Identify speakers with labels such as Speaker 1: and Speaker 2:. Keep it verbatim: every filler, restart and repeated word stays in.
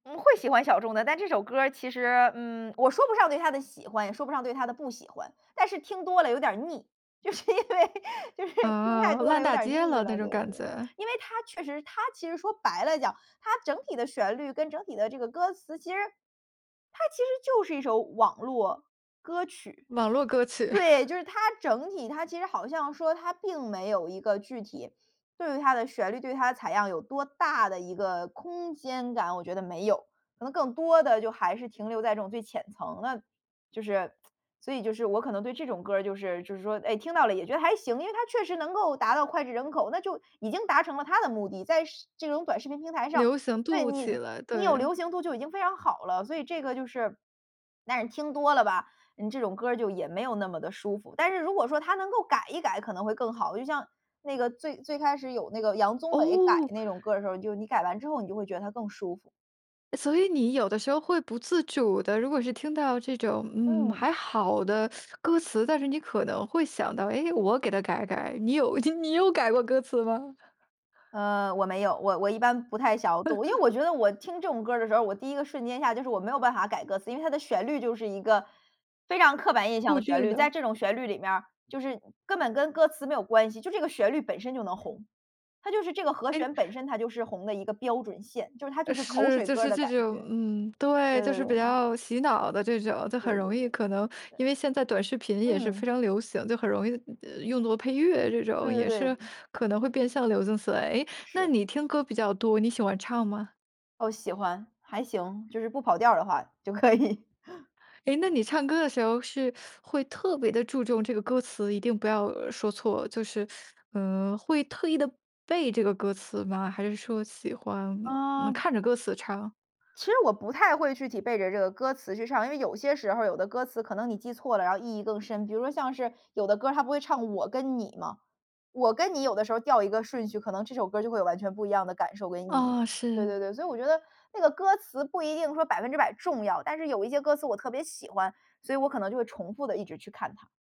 Speaker 1: 嗯，会喜欢小众的，但这首歌儿其实，嗯，我说不上对它的喜欢也说不上对它的不喜欢，但是听多了有点腻，就是因为就是听太
Speaker 2: 啊，
Speaker 1: 多了
Speaker 2: 烂
Speaker 1: 有
Speaker 2: 大
Speaker 1: 点
Speaker 2: 街
Speaker 1: 腻
Speaker 2: 了那
Speaker 1: 了。对
Speaker 2: 种
Speaker 1: 对对
Speaker 2: 感
Speaker 1: 对，
Speaker 2: 觉。
Speaker 1: 因为它确实它其实说白了讲，它整体的旋律跟整体的这个歌词，其实它其实就是一首网络歌曲。
Speaker 2: 网络歌曲。
Speaker 1: 对，就是它整体它其实好像说它并没有一个具体，对于它的旋律、对于它的采样有多大的一个空间感，我觉得没有，可能更多的就还是停留在这种最浅层了。就是 所以就是我可能对这种歌儿就是就是说，诶，听到了也觉得还行，因为它确实能够达到脍炙人口，那就已经达成了它的目的，在是这种短视频平台上，
Speaker 2: 流行
Speaker 1: 对，
Speaker 2: 度
Speaker 1: 你
Speaker 2: 起来，
Speaker 1: 你有
Speaker 2: 对。
Speaker 1: 流行度就已经非常好了。所以这个就是但是听多了吧，嗯，这种歌儿就也没有那么地舒服，但是如果说它能够改一改可能会更好。就像那个最最开始有那个杨宗纬改
Speaker 2: 哦。
Speaker 1: 那种歌儿的时候，就你改完之后你就会觉得它更舒服。
Speaker 2: 所以你有的时候会不自主地如果是听到这种，嗯，
Speaker 1: 嗯。
Speaker 2: 还好的 歌词，但是你可能会想到，诶，我给它改改。你有你有改过歌词吗？
Speaker 1: 呃，我没有，我我一般不太晓度，因为我 觉得我听这种歌儿的时候我第一个瞬间下就是我没有办法改歌词。因为它的旋律就是一个非常刻板印象
Speaker 2: 固
Speaker 1: 的旋
Speaker 2: 定
Speaker 1: 律，在
Speaker 2: 的。
Speaker 1: 这种旋律里面儿就是根本跟歌词没有关系，就这个旋律本身就能红，它就是这个和
Speaker 2: 诶。
Speaker 1: 弦本身它就是红的一个标准线，就是它就
Speaker 2: 呃，
Speaker 1: 是口
Speaker 2: 是，
Speaker 1: 水
Speaker 2: 就
Speaker 1: 歌儿
Speaker 2: 是
Speaker 1: 的
Speaker 2: 这
Speaker 1: 感
Speaker 2: 种
Speaker 1: 觉。
Speaker 2: 嗯，对，
Speaker 1: 对
Speaker 2: 就
Speaker 1: 对
Speaker 2: 是
Speaker 1: 对。
Speaker 2: 比较洗脑的这种，就
Speaker 1: 对
Speaker 2: 很
Speaker 1: 对
Speaker 2: 容
Speaker 1: 对
Speaker 2: 易
Speaker 1: 对，
Speaker 2: 可能，
Speaker 1: 对。
Speaker 2: 因为现在短视频也是
Speaker 1: 嗯。
Speaker 2: 非常流行，就很容易用作配乐这种，
Speaker 1: 对对
Speaker 2: 也
Speaker 1: 对，
Speaker 2: 是
Speaker 1: 嗯。
Speaker 2: 可能会变相流行起来。诶，那
Speaker 1: 是。
Speaker 2: 你听歌比较多，你喜欢唱吗？
Speaker 1: 哦，喜欢，还行，就是不跑调儿的话，就可以。
Speaker 2: 诶，那你唱歌的时候是 会特别地注重这个歌词，一定不要说错，就是，嗯，会特意地背这个歌词吗？还是说喜欢，嗯嗯，
Speaker 1: 嗯
Speaker 2: 看着歌词唱？
Speaker 1: 其实我不太会具体背着这个歌词去唱，因为有些时候儿有的歌词可能你记错了然后意义更深。比如说像是有的歌儿它不会唱“我跟你”吗，“我跟你”有的时候调一个顺序可能这首歌就会有完全不一样的感受跟意义。
Speaker 2: 哦，
Speaker 1: 对
Speaker 2: 是。
Speaker 1: 对对，所以我觉得，那个歌词不一定说百分之百重要，但是有一些歌词我特别喜欢，所以我可能就会重复地一直去看它。